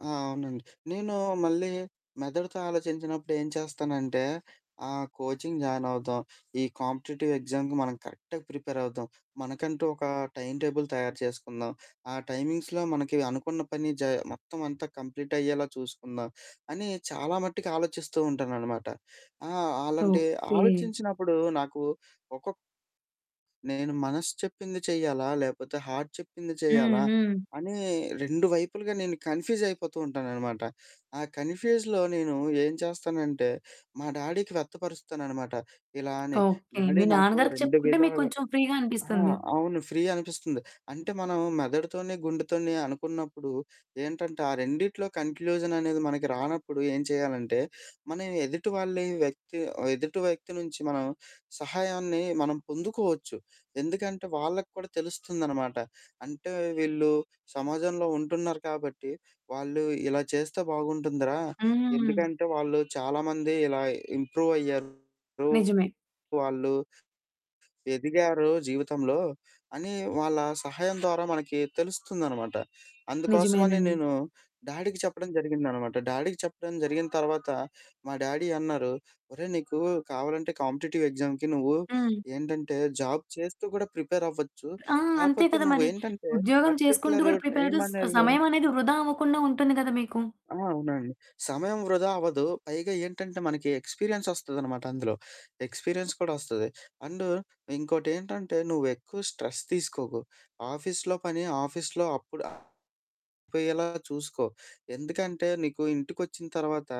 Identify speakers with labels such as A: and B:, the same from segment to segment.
A: ఆ! అవునండి. నేను మళ్ళీ మెదడుతో ఆలోచించినప్పుడు ఏం చేస్తానంటే, ఆహ్, కోచింగ్ జాయినవుదాం. ఈ కాంపిటీటివ్ ఎగ్జామ్‌కి మనం కరెక్ట్‌గా ప్రిపేరవుదాం, మనకంటూ ఒక టైమ్ టేబుల్ తయారు చేసుకుందాం, ఆ టైమింగ్స్‌లో మనకి అనుకున్న పని జ మొత్తమంతా కంప్లీట్ అయ్యేలా చూసుకుందాం. అని చాలా మట్టికి ఆలోచిస్తూ ఉంటాననమాట. ఆహ్, అలాంటి
B: ఓకే.
A: ఆలోచించినప్పుడు నాకు ఒక్కొక్ నేను మనస్సు చెప్పింది చెయ్యాలా, లేపోతే హార్ట్ చెప్పింది
B: హ్మ్,
A: చేయాలా,
B: హ్మ్.
A: అని 2 వైపులుగా నేను కన్‌ఫ్యూజయిపోతూ ఉంటాననమాట. ఆ కన్‌ఫ్యూజ్‌లో నేను ఏం చేస్తానంటే, మా డాడీకి వ్యక్తపరుస్తాననమాట. ఇలా అని
B: ఓకే.
A: డాడీ
B: మీ
A: నాకు
B: నాన్నగారికి
A: 2
B: చెప్పుకుంటే,
A: విధాలుగా
B: మీక్కొంచెం ఫ్రీ‌గా
A: ఆ!
B: అనిపిస్తుంది.
A: అవును ఫ్రీ అనిపిస్తుంది. అంటే మనం మెదడుతోనీ, గుండెతోనీ అనుకున్నప్పుడు ఏంటంటే, ఆ రెండిట్లో కంక్లూజననేది మనకి రానప్పుడు ఏం చేయాలంటే, మనం ఎదుటి వాళ్లీ వ్యక్తి ఆహ్, ఎదుటి వ్యక్తి నుంచి మనం సహాయాన్ని మనం పొందుకోవచ్చు. ఎందుకంటే, వాళ్ళకి కూడా తెలుస్తుందనమాట. అంటే వీళ్ళు సమాజంలో ఉంటున్నారు కాబట్టి, వాళ్ళు ఇలా చేస్తే బాగుంటుందిరా.
B: హ్మ్.
A: ఎందుకంటే, వాళ్ళు చాలా మంది ఇలా ఇంప్రూవయ్యారు
B: నిజమే.
A: వాళ్ళు. ఎదిగారు జీవితంలో అని వాళ్ళ సహాయం ద్వారా మనకి తెలుస్తుందనమాట. అందుకోసమని
B: నిజమేనండి.
A: నేను డాడీకి చెప్పడం జరిగిందనమాట. డాడీకి చెప్పడం జరిగిన తర్వాత, మా డాడీ అన్నారు. "ఒరేయ్! నీకు కావాలంటే, కాంపిటీటివ్ ఎగ్జామ్‌కి నువ్వు
B: హ్మ్.
A: ఏంటంటే, జాబ్ చేస్తూ కూడా ప్రిపేరవ్వచ్చు.
B: ఆ! అంతే
A: కాపోతే
B: కదా! మరి.
A: నువ్వేంటంటే
B: ఉద్యోగం చేసుకుంటూ
A: పర్టిక్యులర్
B: కూడా ప్రిపేరుస్ ఆహ్,
A: టైమనేది"
B: సమయమనేది వృధా అవ్వకుండా ఉంటుంది కదా మీకు.
A: ఆ! అవునండి. సమయం వృధా అవ్వదు. పైగా ఏంటంటే మనకి ఎక్స్‌పీరియన్స్ వస్తదనమాట అందులో. ఎక్స్‌పీరియన్స్ కూడా వస్తది. అండు ఇంకోటేంటంటే, "నువ్వు ఎక్కువ స్ట్రెస్ తీసుకోకు, ఆఫీస్‌లో పని ఆఫీస్‌లో అప్పుడైపోయేలా చూసుకో, ఎందుకంటే నీకు ఇంటికొచ్చిన తర్వాత,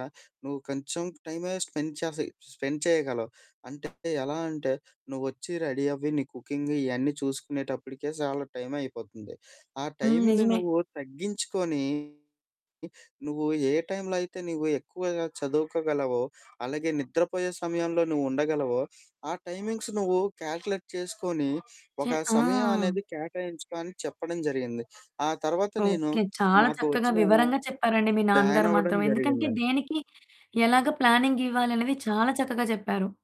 A: నువ్వు కొంచెం టైమే స్పెండ్ చసి స్పెండ్ చేయగలవు. అంటే ఎలా అంటే, నువ్వొచ్చి రెడీ అవ్వి. నీ కుకింగ్ ఇయన్నీ చూసుకునేటప్పటికే చాలా టైమయిపోతుంది. ఆ
B: హ్మ్.
A: టైంని
B: నిజమే.
A: నువ్వు తగ్గించుకొని, నువ్వు ఏ టైంలో అయితే నువ్వు ఎక్కువగా చదువుకోగలవో, అలాగే నిద్రపోయే సమయంలో నువ్వు ఉండగలవో, ఆ టైమింగ్స్ నువ్వు కాలిక్యులేట్ చేసుకొని, ఒక
B: చె ఆ!
A: సమయమనేది కేటాయించుకో." అని చెప్పడం జరిగింది. ఆ తర్వాత నేను
B: ఓకే. చాలా
A: నాకు
B: చక్కగా
A: వచ్చినా
B: వివరంగా చెప్పారండి. మీ నాన్నగారు
A: బ్యానవ్వడం
B: మాత్రం. ఎందుకంటే,
A: జరిగిందండి.
B: దేనికి ఎలాగా ప్లానింగివ్వాలనేది చాలా చక్కగా జెప్పారు.